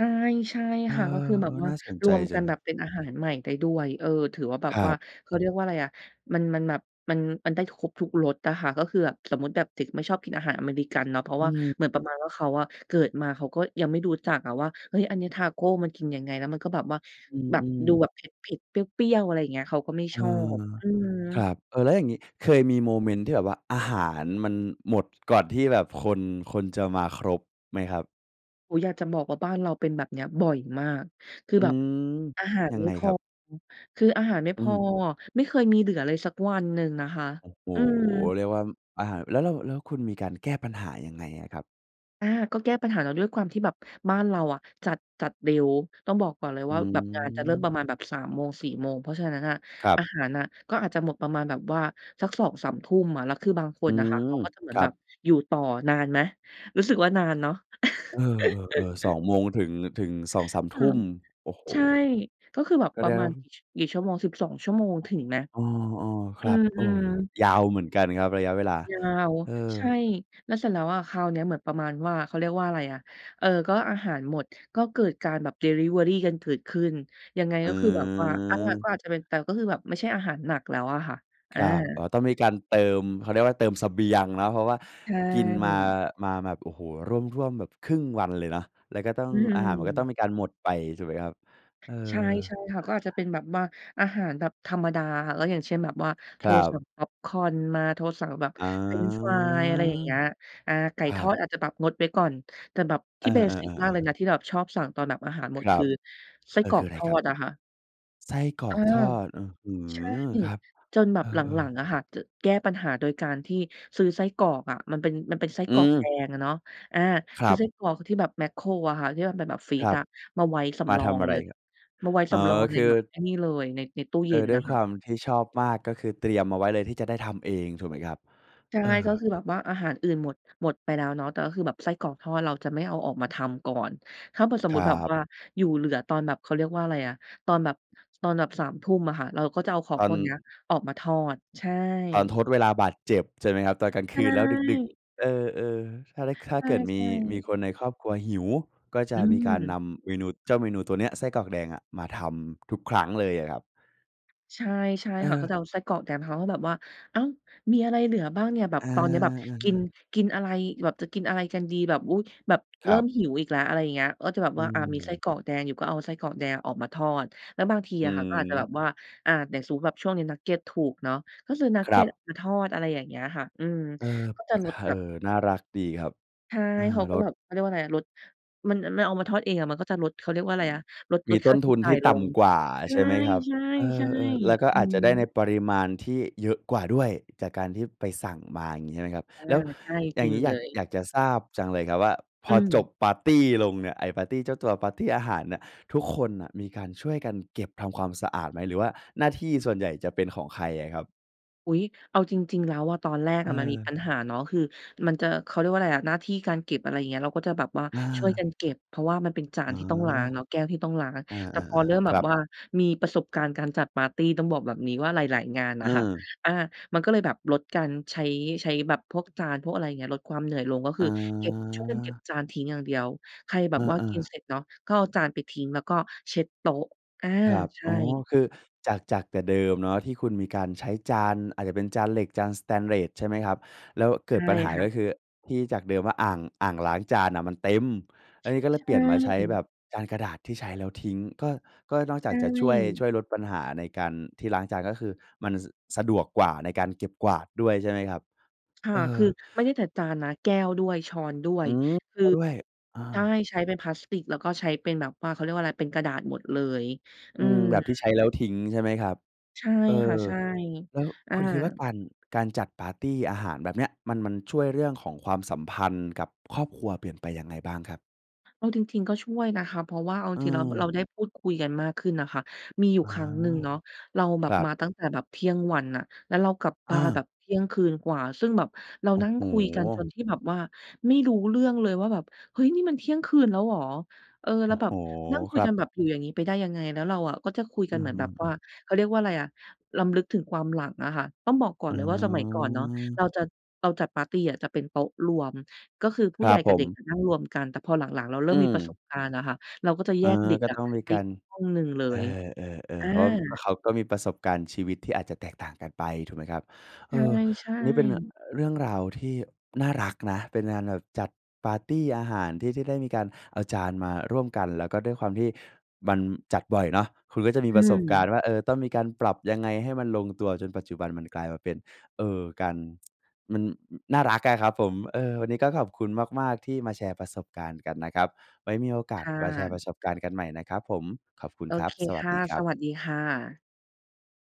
[SPEAKER 2] ใช่
[SPEAKER 1] เออ
[SPEAKER 2] ค่ะ ก็คือแบบว
[SPEAKER 1] ๆ
[SPEAKER 2] ่
[SPEAKER 1] น
[SPEAKER 2] า
[SPEAKER 1] ่าสนใ
[SPEAKER 2] ร
[SPEAKER 1] จ
[SPEAKER 2] วม
[SPEAKER 1] จ
[SPEAKER 2] ก
[SPEAKER 1] ั
[SPEAKER 2] ัน
[SPEAKER 1] ง
[SPEAKER 2] แบบเป็นอาหารใหม่ได้ด้วย เออ ถือว่าแบบ
[SPEAKER 1] คร
[SPEAKER 2] ว
[SPEAKER 1] ั
[SPEAKER 2] ่า
[SPEAKER 1] บ
[SPEAKER 2] เขาเรียกว่าอะไรอะ มัน มันแบบ มัน มันได้ครบทุกรสอะค่ะ ก็คือแบบ สมมุติแบบเด็กไม่ชอบกินอาหารอเมริกันเนาะ เพรา
[SPEAKER 1] อ
[SPEAKER 2] ะว
[SPEAKER 1] ื
[SPEAKER 2] ่า
[SPEAKER 1] ม
[SPEAKER 2] เหมือนประมาณว่า เขาอะ เกิดมาเขาก็ยังไม่รู้จักอะว่า เฮ้ย อันนี้ตาโกมันกินยังไง แล้วมันก็แบบว่า
[SPEAKER 1] อื
[SPEAKER 2] แบบ
[SPEAKER 1] ม
[SPEAKER 2] ดู
[SPEAKER 1] ๆ
[SPEAKER 2] แบบเผ็ด ๆ เปรี้ยว ๆ อะไรอย่างเงี้ย เขาก็ไม่
[SPEAKER 1] เอ
[SPEAKER 2] ชอบ
[SPEAKER 1] อ
[SPEAKER 2] อืม
[SPEAKER 1] ครับ เออ แล้วอย่างนี้ เคยมีโมเมนต์ที่แบบว่า อาหารมันหมดก่อนที่แบบคน คนจะมาครบไหมครับ?
[SPEAKER 2] โอ้โฮ อยากจะบอกว่า บ้านเราเป็นแบบเนี้ยบ่อยมาก คือ
[SPEAKER 1] อื
[SPEAKER 2] แบบ
[SPEAKER 1] ม
[SPEAKER 2] อาหาร
[SPEAKER 1] ยัง
[SPEAKER 2] ไม
[SPEAKER 1] ไ
[SPEAKER 2] ่
[SPEAKER 1] ง
[SPEAKER 2] พ
[SPEAKER 1] ค
[SPEAKER 2] อ
[SPEAKER 1] รับ?
[SPEAKER 2] คืออาหารไม่
[SPEAKER 1] อื
[SPEAKER 2] พอ
[SPEAKER 1] ม
[SPEAKER 2] ไม่เคยมีเหลือเลยสักวันหนึ่งนะคะ
[SPEAKER 1] โอ้โฮ
[SPEAKER 2] อืม
[SPEAKER 1] เรียกว่า อา แล้วเรา แล้วคุณมีการแก้ปัญหายังไงอะครับ?
[SPEAKER 2] อา ก็แก้ปัญหาเนาะ ด้วยความที่แบบบ้านเราอะจัด จัดเร็ว ต้องบอกก่อนเลย
[SPEAKER 1] อื
[SPEAKER 2] ว่า แบบงานจะเริ่มป
[SPEAKER 1] ม
[SPEAKER 2] ระมาณแบบ สามโมง สี่โมง เพราะฉะนั้นน่ะ
[SPEAKER 1] ครับ
[SPEAKER 2] อาหารน่ะก็อาจจะหมดประมาณแบบว่าสัก สอง สามทุ่ม อะ แล้วคือบางค
[SPEAKER 1] อื
[SPEAKER 2] นน่ะค่ะ
[SPEAKER 1] ม
[SPEAKER 2] เขาก็จะเหมื
[SPEAKER 1] ค
[SPEAKER 2] อน
[SPEAKER 1] รั
[SPEAKER 2] แบบ
[SPEAKER 1] บ
[SPEAKER 2] อยู่ต่อ นานไหม? รู้สึกว่า นานเนาะ
[SPEAKER 1] เออ ๆ ๆ สอ
[SPEAKER 2] [CHUCKLES]
[SPEAKER 1] งโมง ถึง ถึง สองสาม
[SPEAKER 2] ส
[SPEAKER 1] ท
[SPEAKER 2] า
[SPEAKER 1] ุ่ม
[SPEAKER 2] ม
[SPEAKER 1] โอ้โฮ
[SPEAKER 2] ใช่ ก็คือแบบ
[SPEAKER 1] ก็
[SPEAKER 2] ปร
[SPEAKER 1] แด
[SPEAKER 2] ะมาณ
[SPEAKER 1] ว
[SPEAKER 2] กี่ ช กี่ชั่วโมง สิบสอง ชั่วโมง ถึงไหม?
[SPEAKER 1] เออ ๆ ค
[SPEAKER 2] อื
[SPEAKER 1] รับ เออ
[SPEAKER 2] ม ๆ
[SPEAKER 1] ยาวเหมือนกันครับ ระยะเวลา
[SPEAKER 2] ยาว
[SPEAKER 1] เอ
[SPEAKER 2] ใช่
[SPEAKER 1] อ
[SPEAKER 2] แล้วเสร็จแล้วอะ คราวเนี้ยเหมือนประมาณว่า เขาเรียกว่าอะไรอะ เออ ก็อาหารหมด ก็เกิดการแบบดิลิเวอรีกันเกิดขึ้น ยังไง
[SPEAKER 1] อ
[SPEAKER 2] ก็คือแบบว่า อา ก็
[SPEAKER 1] ืม
[SPEAKER 2] อาจจะเป็น แต่ก็คือแบบไม่ใช่อาหารหนักแล้วอะค่ะ อ
[SPEAKER 1] ค
[SPEAKER 2] า
[SPEAKER 1] รับ อ๋อ ต้องมีการเติม เขาเรียกว่า เติมเสบียงเนาะ เพราะว่า
[SPEAKER 2] ใช
[SPEAKER 1] กินมา
[SPEAKER 2] ่
[SPEAKER 1] มาแบบ โอ้โฮ ร่วม ๆ แบบ ครึ่ง วันเลยเนาะ แล้วก็ต้อง
[SPEAKER 2] อื
[SPEAKER 1] อาหารมันก็ต้อง
[SPEAKER 2] ม
[SPEAKER 1] มีการหมดไป ถูกไหมครับ? เอ
[SPEAKER 2] ใช่
[SPEAKER 1] อ
[SPEAKER 2] ใช่ค่ะ ก็อาจจะเป็นแบบว่า อาหารแบบธรรมดา แล้วอย่างเช่นแบบว่า โท
[SPEAKER 1] ค
[SPEAKER 2] ร
[SPEAKER 1] รั
[SPEAKER 2] สั
[SPEAKER 1] บ
[SPEAKER 2] ่งพ็อปคอร์นมา โทรสั่งแบบ
[SPEAKER 1] อ๋อ
[SPEAKER 2] เฟรนช์ฟราย อะไรอย่างเงี้ย อา ไก่
[SPEAKER 1] ครั
[SPEAKER 2] ทอ
[SPEAKER 1] บ
[SPEAKER 2] ดอาจจะแบบงดไว้ก่อน แต่แบบ
[SPEAKER 1] เ
[SPEAKER 2] ท
[SPEAKER 1] อ
[SPEAKER 2] ี
[SPEAKER 1] อ
[SPEAKER 2] ่ เบสิก มาก
[SPEAKER 1] ๆ
[SPEAKER 2] เล
[SPEAKER 1] ๆ ๆ
[SPEAKER 2] ยนะ ที่เราแบบชอบสั่งตอนแบบอาหารห
[SPEAKER 1] ค
[SPEAKER 2] มด
[SPEAKER 1] ร
[SPEAKER 2] ค
[SPEAKER 1] ั
[SPEAKER 2] ื
[SPEAKER 1] บ
[SPEAKER 2] อไส้
[SPEAKER 1] เอ
[SPEAKER 2] ก
[SPEAKER 1] อ
[SPEAKER 2] ร
[SPEAKER 1] ค
[SPEAKER 2] อ
[SPEAKER 1] ือ
[SPEAKER 2] ก
[SPEAKER 1] อะไร
[SPEAKER 2] ทอ
[SPEAKER 1] ครับ?
[SPEAKER 2] ดอะค่ะ
[SPEAKER 1] ไส้กร
[SPEAKER 2] เ
[SPEAKER 1] อ
[SPEAKER 2] ออ
[SPEAKER 1] กทอด อื้อฮื
[SPEAKER 2] ใช่
[SPEAKER 1] อ ครับ
[SPEAKER 2] จนแบ
[SPEAKER 1] เอ
[SPEAKER 2] บหลั
[SPEAKER 1] อ
[SPEAKER 2] ง
[SPEAKER 1] ๆ
[SPEAKER 2] ๆ อะค่ะ จะ แก้ปัญหาโดยการที่ซื้อไส้กรอกอะ มันเป็น มันเป็นไส้
[SPEAKER 1] อื
[SPEAKER 2] กรอกแด
[SPEAKER 1] ม
[SPEAKER 2] งอะเนาะ อา
[SPEAKER 1] คร
[SPEAKER 2] ซื้
[SPEAKER 1] ั
[SPEAKER 2] อ
[SPEAKER 1] บ
[SPEAKER 2] ไส้กรอกที่แบบแม็คโครอะค่ะ ที่มันเป็นแบบฟรี
[SPEAKER 1] คร
[SPEAKER 2] ซ
[SPEAKER 1] ับ
[SPEAKER 2] อะ มาไว้ส
[SPEAKER 1] มา
[SPEAKER 2] ำรอ
[SPEAKER 1] ท
[SPEAKER 2] ง
[SPEAKER 1] ำอะ
[SPEAKER 2] เ
[SPEAKER 1] ไ
[SPEAKER 2] ล
[SPEAKER 1] ร
[SPEAKER 2] ย
[SPEAKER 1] ครับ?
[SPEAKER 2] มาไว้
[SPEAKER 1] อ๋
[SPEAKER 2] ส
[SPEAKER 1] อ
[SPEAKER 2] ำรองเล
[SPEAKER 1] ค
[SPEAKER 2] ย
[SPEAKER 1] ื
[SPEAKER 2] แ
[SPEAKER 1] อ
[SPEAKER 2] บบไอ้นี่เลย ใน ในตู้เ
[SPEAKER 1] เ
[SPEAKER 2] ย
[SPEAKER 1] อ
[SPEAKER 2] ็
[SPEAKER 1] อ
[SPEAKER 2] น
[SPEAKER 1] ด้
[SPEAKER 2] น
[SPEAKER 1] ว
[SPEAKER 2] ่ะ
[SPEAKER 1] ย
[SPEAKER 2] ค
[SPEAKER 1] ค
[SPEAKER 2] ่ะ
[SPEAKER 1] วามที่ชอบมาก ก็คือเตรียมเอาไว้เลยที่จะได้ทำเอง ถูกไหมครับ?
[SPEAKER 2] ใช่
[SPEAKER 1] เออ
[SPEAKER 2] ก็คือแบบว่าอาหารอื่นหมด หมดไปแล้วเนาะ แต่ก็คือแบบไส้กรอกทอด เราจะไม่เอาออกมาทำก่อน ถ้าเผื่อสม
[SPEAKER 1] ค
[SPEAKER 2] มุ
[SPEAKER 1] ร
[SPEAKER 2] ติแบบ
[SPEAKER 1] ับ
[SPEAKER 2] ว่าอยู่เหลือตอนแบบ เขาเรียกว่าไรอะ ตอนแบบ ตอนแบบ สามทุ่ม อะค่ะ เราก็จะเอาขอ
[SPEAKER 1] ตอ
[SPEAKER 2] งพ
[SPEAKER 1] น
[SPEAKER 2] วกเนี้ยออกมาทอด ใช่
[SPEAKER 1] ตอนทดเวลาบาดเจ็บใช่ไหมครับ ตอนกลาง
[SPEAKER 2] ใ
[SPEAKER 1] ค
[SPEAKER 2] ช
[SPEAKER 1] ืนแล้วดึก
[SPEAKER 2] ่
[SPEAKER 1] ๆ เออ ๆ ถ้าแล้ว ถ้า
[SPEAKER 2] ใ
[SPEAKER 1] เกิดม
[SPEAKER 2] ช
[SPEAKER 1] ี
[SPEAKER 2] ่
[SPEAKER 1] มีค
[SPEAKER 2] ๆ
[SPEAKER 1] นในครอบครัวหิว ก็จ
[SPEAKER 2] อ
[SPEAKER 1] ะมีการ
[SPEAKER 2] ื
[SPEAKER 1] น
[SPEAKER 2] ม
[SPEAKER 1] ำเมนู เจ้าเมนูตัวเนี้ย ไส้กรอกแดงอะ มาทำทุกครั้งเลยเหรอครับ?
[SPEAKER 2] ใช่ ใช่
[SPEAKER 1] เ
[SPEAKER 2] ค่ะ ก็
[SPEAKER 1] ออ
[SPEAKER 2] จะเอาไส้กรอกแดง เขาก็จะแบบว่า อ้าว มีอะไรเหลือบ้างเนี่ย? แบ
[SPEAKER 1] อ
[SPEAKER 2] บตอนเนี้ยแบบกิ
[SPEAKER 1] า
[SPEAKER 2] น
[SPEAKER 1] ๆ ๆ
[SPEAKER 2] กินอะไรแบบ จะกินอะไรกันดี? แบบ อุ๊ย แบบเ
[SPEAKER 1] ค
[SPEAKER 2] ร
[SPEAKER 1] ร
[SPEAKER 2] ิ่
[SPEAKER 1] ั
[SPEAKER 2] ม
[SPEAKER 1] บ
[SPEAKER 2] หิวอีกแล้ว อะไรเงี้ย ก็จะแบบ
[SPEAKER 1] อื
[SPEAKER 2] ว่า อา มีไส้
[SPEAKER 1] ม
[SPEAKER 2] กรอกแดงอยู่ ก็เอาไส้กรอกแดงออกมาทอด แล้วบางที
[SPEAKER 1] อื
[SPEAKER 2] อะค่ะ ก็อาจจะแบ
[SPEAKER 1] อ
[SPEAKER 2] บว่า อา เดี๋ยวสมมุติแบบช่วงนี้นักเก็ตถูกเนาะ ก็ซื้อนัก
[SPEAKER 1] คร
[SPEAKER 2] เก็
[SPEAKER 1] ั
[SPEAKER 2] ต
[SPEAKER 1] บ
[SPEAKER 2] ออกมาทอด อะไรอย่างเงี้ยค่ะ อืม
[SPEAKER 1] เออ
[SPEAKER 2] ก็จ
[SPEAKER 1] อ
[SPEAKER 2] ะ
[SPEAKER 1] ะ
[SPEAKER 2] ลด
[SPEAKER 1] เอ
[SPEAKER 2] แบ
[SPEAKER 1] อ
[SPEAKER 2] บ
[SPEAKER 1] น่ารักดีครับ
[SPEAKER 2] ใช่
[SPEAKER 1] เออ
[SPEAKER 2] เขาก
[SPEAKER 1] ล
[SPEAKER 2] ็แ
[SPEAKER 1] ด
[SPEAKER 2] บบ เขาเรียกว่าอะไรอะ ลด มันอันมาเอามาทอดเองอะ มันก็จะลด เขาเรียกว่าอ
[SPEAKER 1] อ
[SPEAKER 2] ะไ
[SPEAKER 1] ื
[SPEAKER 2] ร
[SPEAKER 1] ม
[SPEAKER 2] อะ ลด
[SPEAKER 1] ม
[SPEAKER 2] ล
[SPEAKER 1] ี
[SPEAKER 2] ด
[SPEAKER 1] ต
[SPEAKER 2] ค่
[SPEAKER 1] ้
[SPEAKER 2] า
[SPEAKER 1] น
[SPEAKER 2] ใช
[SPEAKER 1] ท
[SPEAKER 2] ้
[SPEAKER 1] ุน
[SPEAKER 2] จ่
[SPEAKER 1] ท
[SPEAKER 2] า
[SPEAKER 1] ี
[SPEAKER 2] ย
[SPEAKER 1] ่
[SPEAKER 2] ล
[SPEAKER 1] ต่
[SPEAKER 2] ง
[SPEAKER 1] ำกว่า
[SPEAKER 2] ใช
[SPEAKER 1] ใช่ไหมครับ เอ
[SPEAKER 2] ่
[SPEAKER 1] อ ๆ แล้
[SPEAKER 2] ๆ
[SPEAKER 1] วก็
[SPEAKER 2] ๆ อื
[SPEAKER 1] อาจจะได้ใน
[SPEAKER 2] ม
[SPEAKER 1] ปริมาณที่เยอะกว่าด้วย จากการที่ไปสั่งมา อย่างงี้ใช่ไหมครับ
[SPEAKER 2] อา
[SPEAKER 1] แล้ว
[SPEAKER 2] ใช่
[SPEAKER 1] อย
[SPEAKER 2] จ
[SPEAKER 1] ่
[SPEAKER 2] ร
[SPEAKER 1] า
[SPEAKER 2] ิ
[SPEAKER 1] ง
[SPEAKER 2] ง
[SPEAKER 1] งี้อย
[SPEAKER 2] เล
[SPEAKER 1] าก
[SPEAKER 2] ย
[SPEAKER 1] อยากจะทราบจังเลยครับว่า พ
[SPEAKER 2] อื
[SPEAKER 1] อจบ
[SPEAKER 2] ม
[SPEAKER 1] ปาร์ตีลงเนี่ยไอ้ปาร์ตีเจ้าตัว ปาร์ตีอาหารอะ ทุกคนน่ะมีการช่วยกันเก็บทำความสะอาดไหม หรือว่าหน้าที่ส่วนใหญ่จะเป็นของใครอะครับ?
[SPEAKER 2] อุ๊ย! เอาจริง ๆ แล้วอะ ตอนแรกอะมันมีป
[SPEAKER 1] เออ
[SPEAKER 2] ัญหาเนาะ คือมันจะ เขาเรียกว่าอะไรอะ หน้าที่การเก็บ อะไรอย่างเงี้ย เราก็จะแบบว่า
[SPEAKER 1] อ
[SPEAKER 2] ช่วย
[SPEAKER 1] า
[SPEAKER 2] กันเก็บ เพราะว่ามันเป็นจา
[SPEAKER 1] อ๋
[SPEAKER 2] น
[SPEAKER 1] อ
[SPEAKER 2] ที่ต้องล้างเนาะ แก้วที่ต้องล้าง
[SPEAKER 1] เออ
[SPEAKER 2] แต่พอเริ่
[SPEAKER 1] ๆ
[SPEAKER 2] ม
[SPEAKER 1] ๆ
[SPEAKER 2] แ
[SPEAKER 1] ค
[SPEAKER 2] บ
[SPEAKER 1] รั
[SPEAKER 2] บว่า
[SPEAKER 1] บ
[SPEAKER 2] มีประสบการณ์การจัดปาร์ตี ต้องบอกแบบนี้ว่า หลาย ๆ งานน่
[SPEAKER 1] อื
[SPEAKER 2] ะค่ะ
[SPEAKER 1] อ
[SPEAKER 2] อา มันก็เลยแบบลดการใช้ ใช้แบบพวกจาน พวกอะไรอย่างเงี้ย ลดความเหนื่อยลง ก็ค
[SPEAKER 1] อ
[SPEAKER 2] ือเก็บ ช่วยกันเก็บ
[SPEAKER 1] า
[SPEAKER 2] จานทิ้งอย่างเดียว ใครแบ
[SPEAKER 1] เ
[SPEAKER 2] บว่า
[SPEAKER 1] อ
[SPEAKER 2] ก
[SPEAKER 1] อ
[SPEAKER 2] ิน
[SPEAKER 1] ๆ
[SPEAKER 2] เสร็จเนาะ ก็เอาจานไปทิ้ง แล้วก็เช็ดโต๊ะ อา
[SPEAKER 1] ครับ
[SPEAKER 2] ใช
[SPEAKER 1] อ๋อ
[SPEAKER 2] ่
[SPEAKER 1] คือจาก จากแต่เดิมเนาะ ที่คุณมีการใช้จานอาจจะเป็นจานเหล็ก จานสเตนเลส ใช่ไหมครับ แล้วเก
[SPEAKER 2] ใ
[SPEAKER 1] ิ
[SPEAKER 2] ช
[SPEAKER 1] ด
[SPEAKER 2] ่
[SPEAKER 1] ปัญหา
[SPEAKER 2] ค่
[SPEAKER 1] ก็
[SPEAKER 2] ะ
[SPEAKER 1] คือที่จากเดิมว่า อ่าง อ่างล้างจานน่ะมันเต็มแล
[SPEAKER 2] ช
[SPEAKER 1] ้ว นี่ก็เล
[SPEAKER 2] ใช
[SPEAKER 1] ยเปลี่ยนมาใช้แบ
[SPEAKER 2] ่
[SPEAKER 1] บจานกระดาษที่ใช้แล้วทิ้ง ก็ ก็นอกจ
[SPEAKER 2] ใช
[SPEAKER 1] ากจะช่วย ช
[SPEAKER 2] ่
[SPEAKER 1] ่วยลดปัญหาในการที่ล้างจาน ก็คือมันสะดวกกว่าในการเก็บกวาดด้วย ใช่ไหมครับ
[SPEAKER 2] ค่
[SPEAKER 1] เ
[SPEAKER 2] ะ
[SPEAKER 1] อ
[SPEAKER 2] ค
[SPEAKER 1] อ
[SPEAKER 2] ือไม่ได้แต่จานนะแก้วด้วย ช้อนด้ว
[SPEAKER 1] อื
[SPEAKER 2] ย
[SPEAKER 1] ม ก็ด้วย อา
[SPEAKER 2] คือ ใช่ ใช้เป็นพลาสติก แล้วก็ใช้เป็นแบบว่า เขาเรียกว่าอะไร เป็นกระดาษหมดเลย อ
[SPEAKER 1] อ
[SPEAKER 2] ื
[SPEAKER 1] ืม
[SPEAKER 2] ม
[SPEAKER 1] แบบที่ใช้แล้วทิ้ง ใช่ไหมครับ
[SPEAKER 2] ใช่
[SPEAKER 1] เอ
[SPEAKER 2] ค่ะ
[SPEAKER 1] อ
[SPEAKER 2] ใช่
[SPEAKER 1] แล้ว
[SPEAKER 2] อา
[SPEAKER 1] คุณคิดว่าการ การจัดปาร์ตีอาหารแบบเนี้ย มัน มันช่วยเรื่องของความสัมพันธ์กับครอบครัวเปลี่ยนไปยังไงบ้างครับ?
[SPEAKER 2] เอาจริง ๆ ก็ช่วยนะคะ เพราะว่าเอาจริง ๆ แล้ว เรา
[SPEAKER 1] เออ
[SPEAKER 2] ได้พูดคุยกันมากขึ้นน่ะค่ะ มีอยู
[SPEAKER 1] อ
[SPEAKER 2] ่
[SPEAKER 1] ๋อ
[SPEAKER 2] ครั้งหนึ่ง เนาะ เราแบ
[SPEAKER 1] ค
[SPEAKER 2] บ
[SPEAKER 1] รั
[SPEAKER 2] ม
[SPEAKER 1] บ
[SPEAKER 2] าตั้งแต่แบบเที่ยงวันน่ะ แล้วเรากลับบ
[SPEAKER 1] อ
[SPEAKER 2] าแ
[SPEAKER 1] า
[SPEAKER 2] บบเที่ยงคืนกว่า ซึ่งแบบเรา
[SPEAKER 1] โอ้
[SPEAKER 2] นั่ง
[SPEAKER 1] โฮ
[SPEAKER 2] คุยกัน จนที่แบบว่าไม่รู้เรื่องเลยว่าแบบ "เฮ้ย! นี่มันเที่ยงคืนแล้วเหรอ" เออ แ
[SPEAKER 1] โอ
[SPEAKER 2] ล้
[SPEAKER 1] ้
[SPEAKER 2] วแบ
[SPEAKER 1] โฮ
[SPEAKER 2] บนั่งคุ
[SPEAKER 1] ค
[SPEAKER 2] ย
[SPEAKER 1] รั
[SPEAKER 2] ก
[SPEAKER 1] บ
[SPEAKER 2] ันแบบอยู่อย่างงี้ไปได้ยังไง แล้วเราอะก็จะคุย
[SPEAKER 1] อ
[SPEAKER 2] ก
[SPEAKER 1] ื
[SPEAKER 2] ั
[SPEAKER 1] ้
[SPEAKER 2] น
[SPEAKER 1] อ
[SPEAKER 2] เหมือ
[SPEAKER 1] ฮ
[SPEAKER 2] นแ
[SPEAKER 1] ื
[SPEAKER 2] บบว่
[SPEAKER 1] อ
[SPEAKER 2] า เขาเรียกว่าอะไรอะ รำลึกถึงความหลังอะค่ะ ต้องบอกก่อ
[SPEAKER 1] อ
[SPEAKER 2] น
[SPEAKER 1] ๋
[SPEAKER 2] เลยว่า สมัยก่อนเนาะ
[SPEAKER 1] อ
[SPEAKER 2] เราจัด เราจัดปาร์ตีอะจะเป็นโต๊ะรวม ก็คือผู
[SPEAKER 1] ค
[SPEAKER 2] ้
[SPEAKER 1] ร
[SPEAKER 2] ให
[SPEAKER 1] ั
[SPEAKER 2] ญ่
[SPEAKER 1] บ
[SPEAKER 2] ก
[SPEAKER 1] ผ
[SPEAKER 2] ับเ
[SPEAKER 1] ม
[SPEAKER 2] ด็กอะนั่งรวมกัน แต่พอหลัง ๆ เราเริ
[SPEAKER 1] อ
[SPEAKER 2] ่
[SPEAKER 1] ื
[SPEAKER 2] มมีประส
[SPEAKER 1] ม
[SPEAKER 2] บการณ์อะค่ะ เราก็จะ
[SPEAKER 1] เ
[SPEAKER 2] แ
[SPEAKER 1] อ
[SPEAKER 2] ยก
[SPEAKER 1] อ
[SPEAKER 2] เด็ก
[SPEAKER 1] ก็
[SPEAKER 2] อะ
[SPEAKER 1] ต้องมี
[SPEAKER 2] ไป
[SPEAKER 1] ก
[SPEAKER 2] อ
[SPEAKER 1] า
[SPEAKER 2] ีก
[SPEAKER 1] ร
[SPEAKER 2] ห้องหนึ่งเล
[SPEAKER 1] เอ
[SPEAKER 2] ย
[SPEAKER 1] อ
[SPEAKER 2] อ
[SPEAKER 1] ๆ
[SPEAKER 2] า
[SPEAKER 1] ๆ เพราะว่าเขาก็มีประสบการณ์ชีวิตที่อาจจะแตกต่างกันไป ถูกไหมครับ เออ
[SPEAKER 2] ใช่
[SPEAKER 1] อันนี้เป็นน่ะ อ
[SPEAKER 2] ๆ
[SPEAKER 1] เรื่องราวที่น่ารักนะ เป็นงานแบบจัดปาร์ตีอาหารที่ ที่ได้มีการเอาจานมาร่วมกัน แล้วก็ด้วยความที่มันจัดบ่อยเนาะ คุณก็จะมี
[SPEAKER 2] อื
[SPEAKER 1] ประสบการณ
[SPEAKER 2] ม
[SPEAKER 1] ์ว่า เออ ต้องมีการปรับยังไงให้มันลงตัว จนปัจจุบันมันกลายมาเป็น เออ การ [TSK] มัน อ น่ารักอะครับผม เออ วันนี้ก็ขอบคุณมาก ๆ ที่มาแชร์ประสบการณ์กันนะครับ ไว้มีโอก
[SPEAKER 2] ค
[SPEAKER 1] าส
[SPEAKER 2] ่
[SPEAKER 1] มาแชร์ป
[SPEAKER 2] ะ
[SPEAKER 1] ระสบการณ์กันใหม่นะครับผม ขอบคุณ
[SPEAKER 2] โอ
[SPEAKER 1] ครั
[SPEAKER 2] เ
[SPEAKER 1] บ
[SPEAKER 2] ค
[SPEAKER 1] สว
[SPEAKER 2] ค
[SPEAKER 1] ัส
[SPEAKER 2] ่ะ
[SPEAKER 1] ดีคร
[SPEAKER 2] ส
[SPEAKER 1] ับ
[SPEAKER 2] วัสดีค่ะ